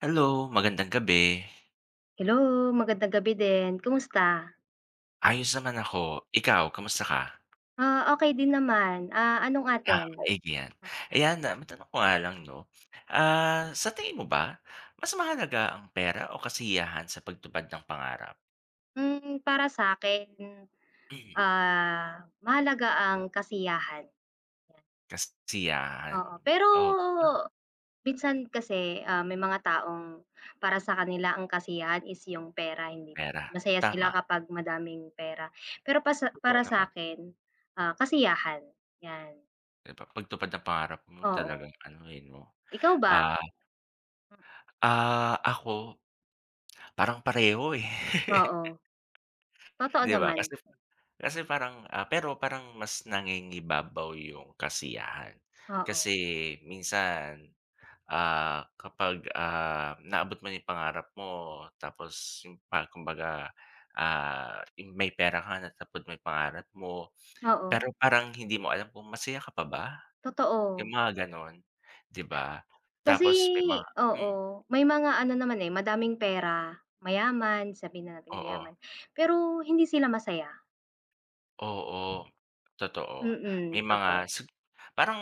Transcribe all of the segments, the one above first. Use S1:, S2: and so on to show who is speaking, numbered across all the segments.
S1: Hello, magandang gabi.
S2: Hello, magandang gabi din. Kumusta?
S1: Ayos naman ako. Ikaw, kamusta ka?
S2: Ah, okey din naman. Ah, anong
S1: Ah,
S2: atin?
S1: maigi yan. Ayan na, matanong ko nga lang, 'no, ah, sa tingin mo ba, mas mahalaga ang pera o kasiyahan sa pagtupad ng pangarap?
S2: Hmm, para sa'kin,
S1: Mhm.
S2: ah, mahalaga ang kasiyahan.
S1: Kas siyahan
S2: Oo, pero
S1: oh [unintelligible]
S2: minsan kasi, ah, may mga taong para sa kanila ang kasiyahan is yung pera hindi
S1: Pera,
S2: masaya sila
S1: tama.
S2: kapag madaming pera. Pero pasa
S1: Totoo
S2: para
S1: naman.
S2: sa'kin, ah, kasiyahan, yan.
S1: Di ba pagtupad ng pangarap mo
S2: Oo.
S1: talagang ano eh, 'no,
S2: Ikaw ba?
S1: ah Ah, ako, parang pareho, eh.
S2: Oo. Totoo
S1: Di ba
S2: naman.
S1: kasi [unintelligible] kasi parang ah, pero parang mas nangingibabaw yung kasiyahan. Kasi
S2: Oo.
S1: minsan, ah, kapag, ah, naabot mo yung pangarap mo tapos yung pa kumbaga, ah, ting may pera ka na tapos mo yung pangarap mo,
S2: Oo.
S1: pero parang hindi mo alam kung masaya ka pa ba? Yung
S2: Totoo.
S1: mga ganon, di ba?
S2: Kasi
S1: Tapos may mga hmm.
S2: oo. May mga ano naman, eh, madaming pera, mayaman, sabihin na natin
S1: Oo.
S2: mayaman, pero hindi sila masaya.
S1: Oo, totoo. May
S2: Mm,
S1: mga
S2: totoo.
S1: sab parang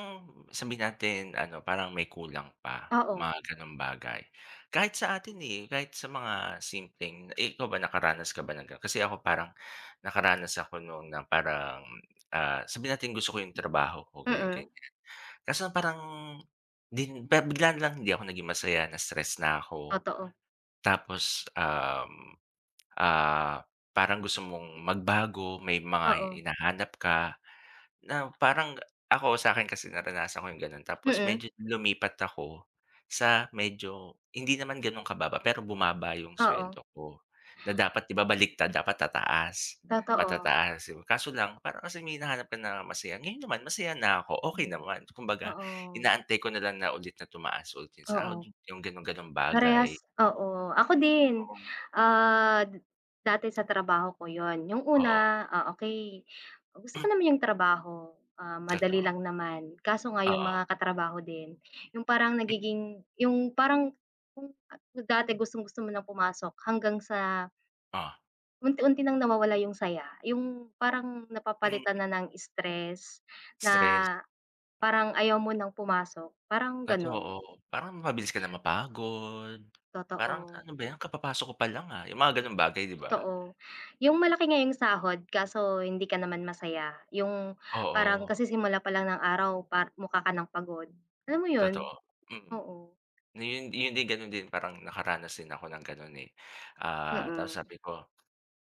S1: sabihin natin ano, parang may kulang pa,
S2: Oo.
S1: mga ganong bagay. Kahit sa atin, eh, kahit sa mga simpleng eh, ikaw ba nakaranas ka ba ng ganon? Kasi ako parang, nakaranas ako noon na parang, ah, sabihin natin gusto ko yung trabaho ko,
S2: Mm.
S1: ganyan-ganyan. Kaso parang din pero bigla na lang hindi ako naging masaya, na stress na ko.
S2: Totoo.
S1: Tapos, um, ah, parang gusto mong magbago, may mga
S2: Oo.
S1: hinahanap ka, na parang ako sakin kasi naranasan ko yung ganon tapos
S2: Mm.
S1: medyo lumipat ako, sa medyo hindi naman ganun kababa, pero bumaba yung
S2: Oo.
S1: sweldo ko, na dapat 'di ba baliktad dapat tataas,
S2: Totoo.
S1: matataas. Kaso lang, kasi may hinahanap ka na masaya, ngayon naman masaya na ko, okey
S2: Mm,
S1: naman. Kumbaga,
S2: oo.
S1: inaantay ko na lang na ulit na tumaas ulit yung sahod,
S2: Oo.
S1: yung ganun ganong bagay.
S2: Parehas oo, ako din.
S1: Oo.
S2: Ah, d dati sa trabaho ko yun, yung
S1: Oo.
S2: una, ah, okey, gusto ko
S1: Mm.
S2: naman yung trabaho, ah, madali
S1: Totoo.
S2: lang naman. Kaso nga yung
S1: Oo
S2: mga katrabaho din, yung parang
S1: Mm.
S2: nagiging yung parang yung, ah, kung dati gustong-gusto mo ng pumasok hanggang sa
S1: Oh.
S2: unti-unti ng nawawala yung saya, yung parang napapalitan na ng stress, na
S1: Stress.
S2: parang ayaw mo ng pumasok, parang ganun.
S1: Totoo. Parang mabilis ka na mapagod, parang,
S2: Totoo.
S1: "Ano ba yan kapapasok ko pa lang, ah," yung mga ganong bagay di ba?
S2: Totoo. Yung malaki nga yong sahod kaso, hindi ka naman masaya. Yung parang
S1: Oo.
S2: kasisimula pa lang ng araw pa mukha ka ng pagod, alam mo yun?
S1: Totoo, mm,
S2: Oo.
S1: na yun yun ganun din parang nakaranas din ako ng ganun, eh. Ah, 'tas
S2: Mm.
S1: sabi ko,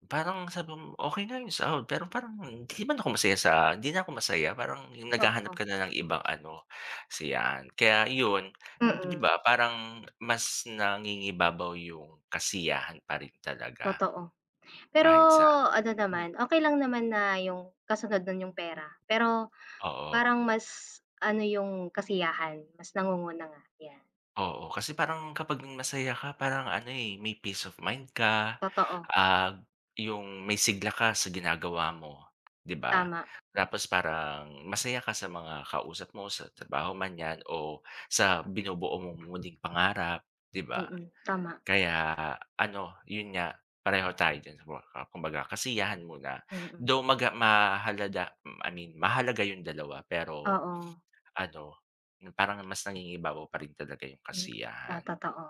S1: parang sabi ko, okey na yung sahod pero parang hindi man ako masaya sa hindi na ako masaya parang yung naghahanap ka
S2: Totoo.
S1: na ng ibang ano, kasiyahan. Kaya yun, 'di
S2: Mm.
S1: ba parang mas nangingibabaw yung kasiyahan pa rin talaga.
S2: Totoo. Pero,
S1: Kahit sa
S2: ano
S1: mm.
S2: naman, okey lang naman na yung kasunod no'n yung pera. Pero,
S1: Oo.
S2: parang mas, ano yung kasiyahan, mas nangunguna nga, yan.
S1: Oo kasi parang kapag masaya ka parang ano, eh, may peace of mind ka,
S2: Totoo.
S1: ah, g yung may sigla ka sa ginagawa mo, 'di ba?
S2: Tama.
S1: Tapos parang masaya ka sa mga kausap mo sa trabaho man 'yan o sa binubuo mong munting pangarap 'di ba?
S2: Mm, tama.
S1: Kaya ano, yun nga pareho tayo diyan sa [unintelligible] kumbaga kasiyahan muna,
S2: Mm.
S1: though, maga mahalada I mean mahalaga yung dalawa pero,
S2: Oo.
S1: ano, n parang mas nangingibabaw pa rin talaga yung
S2: O
S1: kasiyahan.
S2: otoo,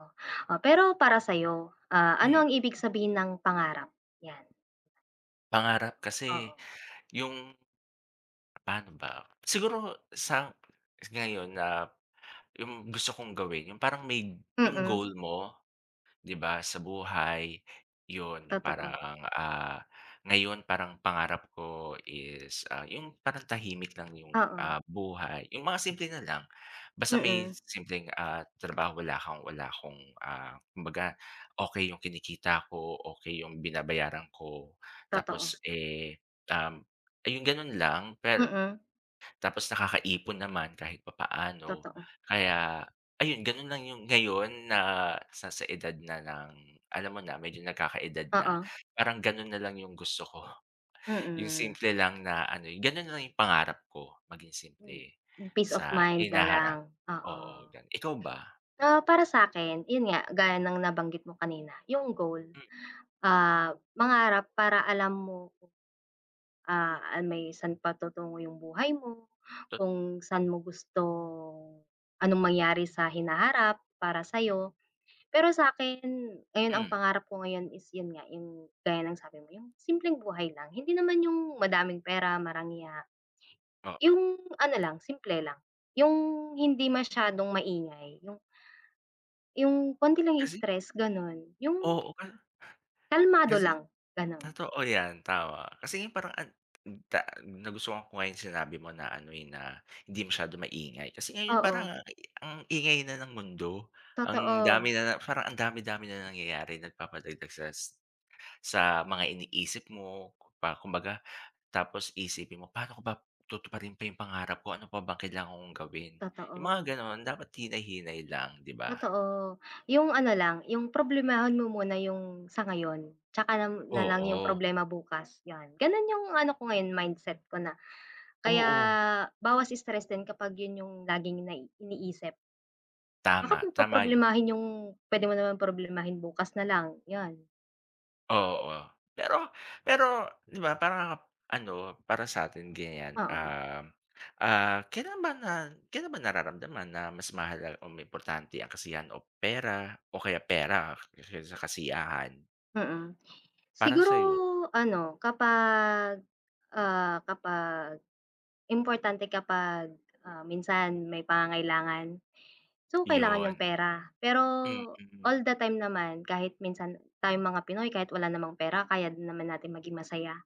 S2: o pero para sa'yo, ah, ano
S1: Hmm.
S2: ang ibig sabihin ng pangarap? 'Yan.
S1: Pangarap kasi,
S2: Oo.
S1: yung pa'no ba, siguro sang ngayon na, yung gusto kong gawin yung parang may yung
S2: Mm.
S1: goal mo. 'Di ba sa buhay, 'yon, yung
S2: Totoo.
S1: parang, ah, ngayon parang pangarap ko is, ah, yung parang tahimik lang yung,
S2: Oo.
S1: ah, buhay, yung mga simple nalang, basta may
S2: Mm.
S1: simpleng, ah, trabaho wala kang wala akong, ah, kumbaga okey yung kinikita ko, okey yung binabayaran ko
S2: Totoo.
S1: tapos, eh, um, ayun ganon lang, per
S2: Mm.
S1: tapos nakakaipon naman kahit papaano,
S2: Totoo.
S1: kaya ayun ganun lang 'yong ngayon na sa sa edad na ng alam mo na medyo nakaka-edad na,
S2: Oo.
S1: parang ganun na lang yung gusto ko. Yung
S2: Mm.
S1: simple lang na ano gano'n na lang 'yong pangarap ko, maging
S2: Yung
S1: simple,
S2: peace of
S1: sa
S2: mind na lang,
S1: hinaharap,
S2: oo.
S1: oo, gan ikaw ba?
S2: Ah, para sakin, yun nga, gaya ng nabanggit mo kanina yung goal.
S1: M
S2: Ah, mangarap para alam mo kung ah, an may saan patutungo yung buhay mo,
S1: Tot
S2: kung sa'n mo gustong anong mangyari sa hinaharap para sa'yo. Pero sa'kin ngayon ang
S1: Hmm
S2: pangarap ko ngayon is yun nga, yung gaya ng sabi mo, yung simpleng buhay lang, hindi naman yung madaming pera, marangya.
S1: Oo
S2: Yung ano lang, simple lang, yung hindi masyadong maingay yung yung konti lang
S1: Kasi
S2: stress ganun, yung
S1: oo, ka
S2: kalmado
S1: kasi
S2: lang, ganon.
S1: totoo 'yan, tama, kasi ngayon parang ang ta nagustuhan ko nga yung sinabi mo na ano, eh, na hindi masyadong maingay, kasi ngayon parang
S2: Oo.
S1: a i ang ingay na ng mundo, ang
S2: Totoo.
S1: dami na na parang ang dami-dami na nangyayari, nagpapadagdag sa sit sa mga iniisip mo, pa kumbaga, tapos iisipin mo, "Paano ko ba tutuparin pa yung pangarap ko, ano pa bang kailangan kong gawin?" Yung
S2: Totoo.
S1: mga ganon, dapat hinay-hinay lang, 'di ba?
S2: Totoo, yung ano lang, yung problemahin mo muna yung sa ngayon, 'tsaka nam nalang yung
S1: Oo.
S2: problema bukas, 'yon, ganun yung ano ko ngayon mindset ko na, kaya
S1: Oo.
S2: bawas stress din kapag yun yung laging nai iniisip. Bakit mo
S1: Tama, tama, yun.
S2: poproblemahin yung pwede mo naman problemahin bukas nalang, 'yan.
S1: Oo. Pero pero, 'di ba parang, ano, para satin ganyan,
S2: Oo.
S1: ah ah, kailan ba na kailan ba nararamdaman na mas mahal o importante ang kasiyahan o pera, o kaysa pera kaysa sa kasiyahan?
S2: Mm.
S1: Para
S2: Siguro
S1: sayo?
S2: ano, kapag, ah kapag importante kapag, ah, minsan may pangangailangan. So, kailangan yung
S1: 'Yon.
S2: pera. Pero
S1: Mm.
S2: all the time naman, kahit minsan tayong mga Pinoy kahit wala namang pera kaya din naman natin maging masaya.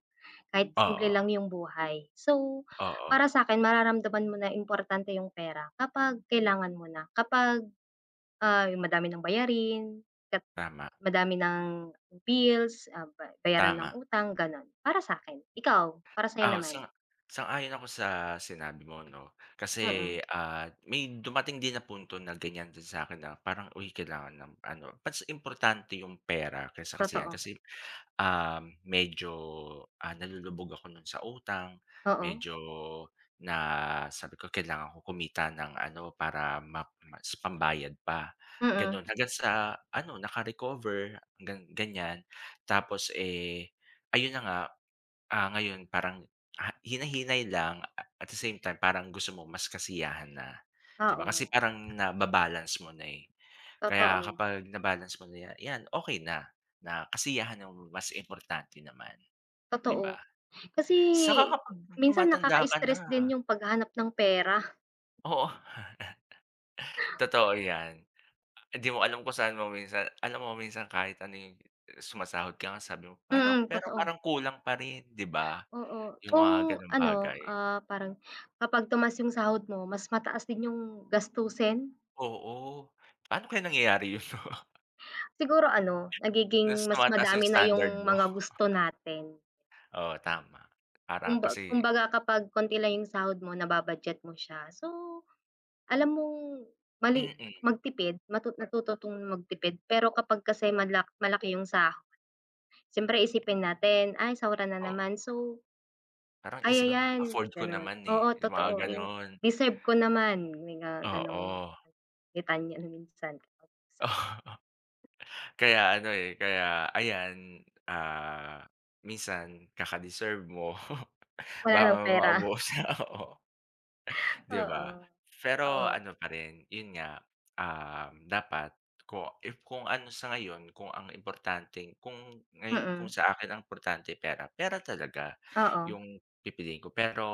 S2: Kahit simple lang
S1: Oo.
S2: yung buhay. So, para
S1: Oo.
S2: sakin mararamdaman mo na importante yung pera kapag kailangan mo na, kapag, ah, yung madami ng bayarin, kat
S1: Tama.
S2: madami ng bills, ah, ba bayaran ng
S1: Tama.
S2: utang, ganon, para sa akin. Ikaw, para sayo
S1: Oh,
S2: naman?
S1: sang sang-ayon ako sa sinabi mo 'no. Kasi,
S2: Mm.
S1: ah, may dumating din na punto na ganyan din sa 'kin na parang, uy kailangan ng ano, mas importante yung pera kaysa kasiyahan.
S2: Totoo.
S1: Kasi, ah medyo, ah, nalulubog ako nun sa utang,
S2: Oo.
S1: medyo na sabi ko kailangan ko kumita ng ano, para map mas pambayad pa. Ganon,
S2: Mm.
S1: hanggang sa ano, naka-recover gan ganyan. Tapos, eh, ayun na nga, ah, ngayon parang, ah, hinay-hinay lang a at the same time parang gusto mo mas kasiyahan na. 'Di ba kasi
S2: Oo.
S1: parang na-ba-balance mo na, eh, kaya
S2: Totoo.
S1: kapag na-balance mo na ya yan okey na, na kasiyahan mo mas importante naman 'di ba?
S2: Totoo. Kasi,
S1: Saka kapag
S2: minsan
S1: tumatanda ka
S2: nakaka-stres
S1: na.
S2: din yung paghahanap ng pera.
S1: Oo. Totoo yan, ah, hindi mo alam kung saan mo minsan alam mo kung minsan, kahit ano yung sumasahod ka nga sabi mo, pero
S2: Mm,
S1: pero
S2: totoo.
S1: parang kulang pa rin, 'di ba?
S2: Oo,
S1: Yung mga
S2: kung
S1: gano'ng
S2: ano,
S1: bagay.
S2: ah, parang, kapag tumaas yung sahod mo, mas mataas din yung gastusin.
S1: Oo. Paano kaya nangyayari 'yon, 'no?
S2: Siguro ano,
S1: Mas
S2: nagiging mas
S1: tumataas yung
S2: madami na
S1: standard
S2: yung
S1: mo.
S2: mga gusto natin.
S1: Oo, tama. Parang,
S2: Kumba
S1: kasi
S2: kumbaga, kapag konti lang yung sahod mo, naba-budget mo siya. So, alam mong mali
S1: Mm.
S2: magtipid, matu natuto 'tong magtipid. Pero kapag kasi mala malaki yung sahod, siyempre isipin natin, "Ay, sahuran na
S1: Oo.
S2: naman, so
S1: Parang
S2: kaya
S1: isip mo, ah,
S2: yan",
S1: "Afford ko
S2: gano'n.
S1: naman, eh",
S2: Oo,
S1: yung
S2: totoo
S1: mga
S2: yung,
S1: gano'n.
S2: "deserve ko naman", may mga gano'ng,
S1: Oo.
S2: litanya minsan. [unintelligible]
S1: Kaya ano, eh, kaya, ayan, ah, minsan kaka-deserve mo,
S2: Wala ng
S1: baka
S2: pera.
S1: maubos nga, oo, 'di
S2: Oo.
S1: ba? Pero,
S2: Oo.
S1: ano pa rin, 'yon nga, um, dapat, ko if kung ano sa ngayon, kung ang importanteng kung, ngayon, kung
S2: Mm.
S1: sa akin ang importante pera, pera talaga,
S2: Oo.
S1: yung pipiliin ko. Pero,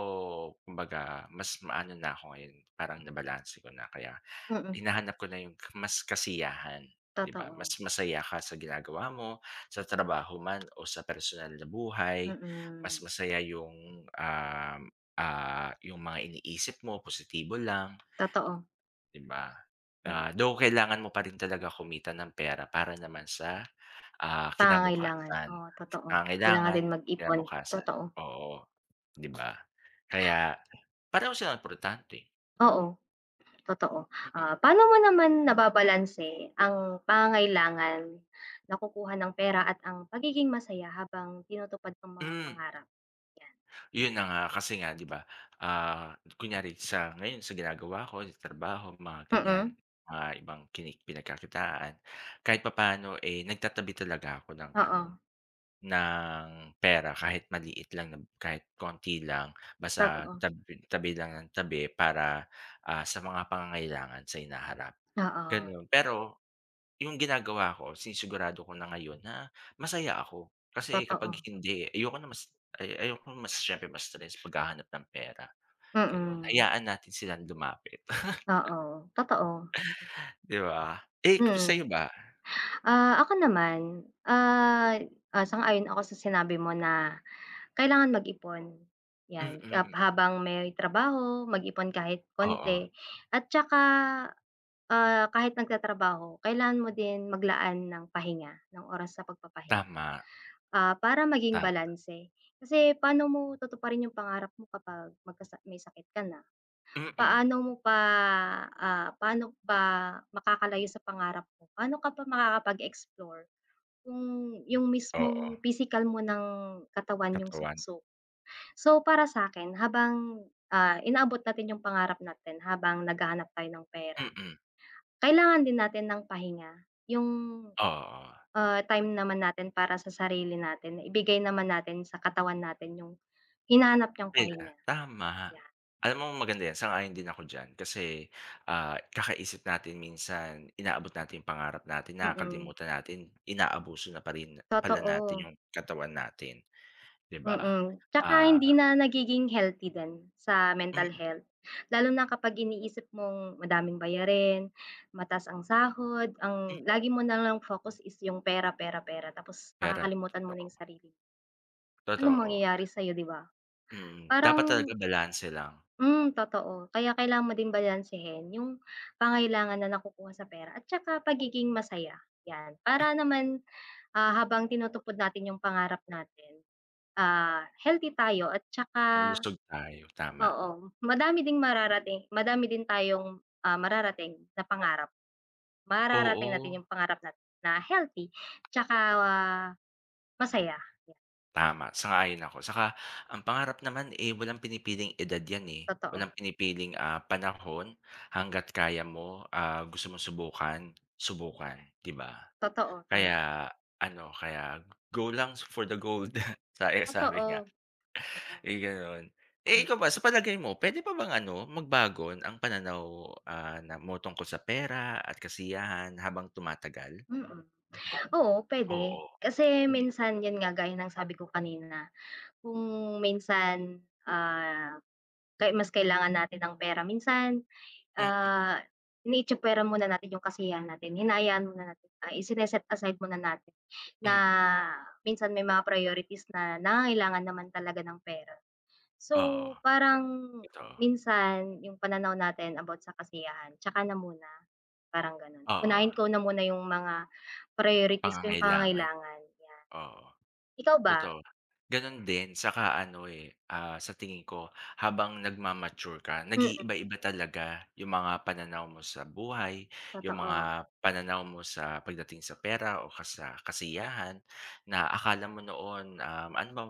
S1: kumbaga, mas maano na ko ngayon, parang nabalanse ko na, kaya,
S2: Mm.
S1: hinahanap ko na yung, mas kasiyahan, 'di ba? Mas
S2: Totoo.
S1: masaya ka sa ginagawa mo, sa trabaho man, o sa personal na buhay, mas
S2: Mm.
S1: masaya yung, um, ah, yung mga iniisip mo, positibo lang.
S2: Totoo.
S1: 'Di ba?
S2: Hmm.
S1: Ah, though kailangan mo pa rin talaga kumita ng pera, para naman sa, ah,
S2: Pangangailangan,
S1: kinabukasan.
S2: oo, totoo.
S1: Ang
S2: Kailangan
S1: kailangan
S2: din mag-ipon,
S1: kinabukasan,
S2: totoo.
S1: oo, 'di ba? Kaya, pareho silang importante.
S2: Oo. Totoo.
S1: Mm.
S2: Ah, pano mo naman nababalanse ang pangangailangan nakukuha ng pera at ang pagiging masaya habang tinutupad ang mga
S1: Mm.
S2: pangarap? yan.
S1: Yun na nga, kasi nga diba, ah, kunyari sa ngayon sa ginagawa ko sa trabaho, mga ganyan,
S2: Mm.
S1: mga ibang kini pinagkakitaan. Kahit papano, eh, nagtatabi talaga ako ng
S2: Oo.
S1: ano, ng pera kahit maliit lang na kahit konti lang, basta
S2: Totoo.
S1: tabi tabi lang nang tabi para, ah, sa mga pangangailangan sa hinaharap,
S2: Oo.
S1: ganon. Pero, yung ginagawa ko sinisigurado ko na ngayon na, masaya ako. Kasi kapag
S2: Totoo.
S1: hindi, ayoko na mas ayoko mas siyempre ma-stress paghahanap ng pera, ganun.
S2: Mm.
S1: Hayaan natin silang lumapit.
S2: Oo. Totoo.
S1: 'Di ba? Eh,
S2: Mm.
S1: sayo ba?
S2: Ah, ako naman, ah,
S1: [unintelligible]
S2: ah, sang-ayon ako sa sinabi mo na, kailangan mag-ipon, 'yan. Hab
S1: Mm.
S2: habang may trabaho, mag-ipon kahit
S1: Oo.
S2: konti at tsaka, ah, kahit nagtatrabaho, kailangan mo din maglaan ng pahinga, ng oras sa pagpapahinga.
S1: Tama.
S2: Ah, para maging
S1: Tama.
S2: balanse, kasi pano mo tutuparin 'yong pangarap mo kapag magka may sakit ka na?
S1: Mm.
S2: Paano mo pa, ah pano pa makakalayo sa pangarap mo? Pano ka pa makakapag-explore, kung yung
S1: Oo.
S2: mismong pisikal mo ng katawan yung
S1: Katawan.
S2: sumuko? So, para sakin, habang, ah, inaabot natin yung pangarap natin, habang naghahanap tayo ng pera,
S1: Mm.
S2: kailangan din natin ng pahinga. Yung,
S1: Oo
S2: ah, time naman natin para sa sarili natin ibigay naman natin sa katawan natin yung, hinahanap niyang
S1: Yun nga,
S2: pahinga.
S1: tama.
S2: Ya
S1: Alam mo maganda yan, sang-ayon din ako diyan. Kasi, ah, kakaisip natin minsan, inaabot natin yung pangarap natin,
S2: Mm.
S1: nakakalimutan natin, inaabuso na pa rin pala natin
S2: Totoo.
S1: yung katawan natin. 'Di ba?
S2: Mm, tsaka
S1: Ah
S2: hindi na nagiging healthy din, sa mental
S1: M
S2: health. Lalo na kapag iniisip mong madaming bayarin, mataas ang sahod,
S1: Mm.
S2: ang lagi mo nalang focus is yung "pera, pera, pera" tapos
S1: Pera,
S2: nakakalimutan mo na yung
S1: totoo.
S2: sarili. Anong
S1: Totoo.
S2: mangyayari sayo, 'di ba?
S1: Mhm, dapat
S2: Parang
S1: talaga balanse lang.
S2: Mm, totoo. Kaya kailangan mo din balansehin yung, pangangailangan na nakukuha sa pera at tsaka pagiging masaya, yan.
S1: Mm.
S2: Para naman, ah, habang tinutupad natin yung pangarap natin, ah, healthy tayo at tsaka
S1: Malusog tayo, tama.
S2: oo, madami ding mararating madami din tayong, ah, mararating na pangarap. Mararating
S1: Oo.
S2: natin yung pangarap na na healthy tsaka masaya.
S1: Tama sang-ayon ako, tsaka ang pangarap naman, eh, walang pinipiling edad yan, eh.
S2: Totoo.
S1: Walang pinipiling, ah, panahon hangga't kaya mo, ah, gusto mong subukan, subukan, di ba?
S2: Totoo, tama.
S1: Kaya ano kaya go lang for the gold sa sabi nga,
S2: Totoo. Totoo.
S1: eh, ganun. Eh,
S2: Hmm.
S1: ikaw ba sa palagay mo pwede pa bang ano magbago ang pananaw, ah, na mo tungkol sa pera at kasiyahan habang tumatagal?
S2: Mm. Oo pwede
S1: Oo.
S2: kasi
S1: Hmm.
S2: minsan yun nga gaya ng sabi ko kanina, kung minsan, ah, mas kailangan natin ng pera minsan,
S1: Mm.
S2: ah, itsapwera muna natin 'yong kasiyahan natin hinaayaan mo na natin ay isin-set aside mo na natin na
S1: Mm.
S2: minsan may mga priorities na nangangailangan naman talaga ng pera. So
S1: Oo,
S2: parang
S1: ito.
S2: minsan yung pananaw natin about sa kasiyahan tsaka na muna. parang ganon,
S1: Oo.
S2: unahin ko na muna yung mga priorities ko yung
S1: Pangangailangan.
S2: pangangailangan yan.
S1: Oo,
S2: Ikaw ba?
S1: totoo. ganun din tsaka ano, eh, ah, sa tingin ko habang nagma-mature ka
S2: Mm.
S1: nag-iiba-iba talaga yung mga pananaw mo sa buhay yung
S2: Totoo.
S1: mga pananaw mo sa pagdating sa pera o kasa kasiyahan na akala mo noon, ah, ano ba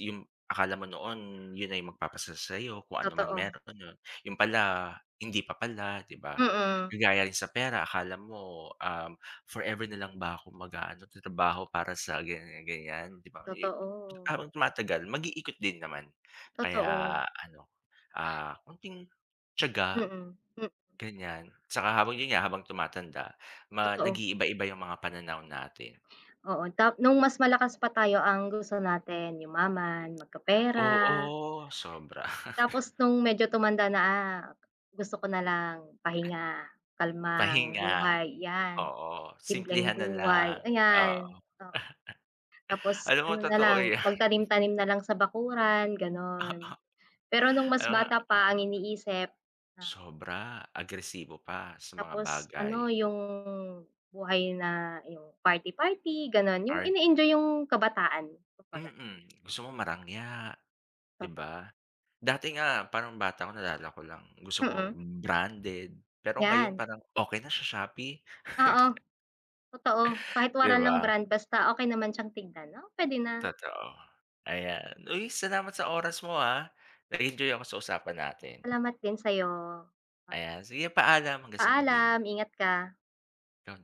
S1: yung akala mo noon yun ay magpapasaya sa'yo kung ano man
S2: Totoo.
S1: meron yun yun pala hindi pa pala, di ba?
S2: Mm.
S1: Kagaya rin sa pera akala mo, um, forever na lang ba ako mag-aano trabaho para sa ganyan-ganyan di ba, eh,
S2: Totoo.
S1: habang tumatagal mag-ikot din naman
S2: Totoo.
S1: kaya ano, ah, konting tiyaga
S2: Mm, mm.
S1: ganyan. Tsaka habang yun nga habang tumatanda ma
S2: Totoo.
S1: nag-iiba-iba yung mga pananaw natin.
S2: Oo ta nung mas malakas pa tayo ang gusto natin yumaman magkapera.
S1: Oo sobra.
S2: Tapos nung medyo tumanda na, "ah, gusto ko nalang pahinga kalmang
S1: Pahinga.
S2: buhay yan,
S1: Oo
S2: simpleng
S1: simplehan na
S2: buhay
S1: lang oo.
S2: ayan oo," tapos
S1: Alam mo
S2: ano
S1: totoo
S2: nalang
S1: yan.
S2: magtanim tanim nalang sa bakuran ganon, pero nung mas
S1: Ano nga
S2: bata pa
S1: oo.
S2: ang iniisip na
S1: Sobra agresibo pa sa mga
S2: Tapos
S1: bagay.
S2: ano yung buhay na yung party-party ganon, yung
S1: Art.
S2: in-enjoy yung kabataan, kumbaga.
S1: Mm, gusto mong marangya, di
S2: Papa
S1: ba, dati nga parang bata ko nalala ko lang gusto ko
S2: Hmm.
S1: branded pero ngayon
S2: Yan.
S1: parang okey na sa Shopee.
S2: Oo. Totoo kahit
S1: Di
S2: wala ng
S1: ba?
S2: brand basta okey naman siyang tignan no, pwede na.
S1: Totoo, ayan, uy, salamat sa oras mo ha, nag-enjoy ako sa usapan natin.
S2: Salamat din sayo. Pa
S1: Ayan sige paalam. Hanggang sa muli.
S2: paalam ingat ka.
S1: Ikaw din.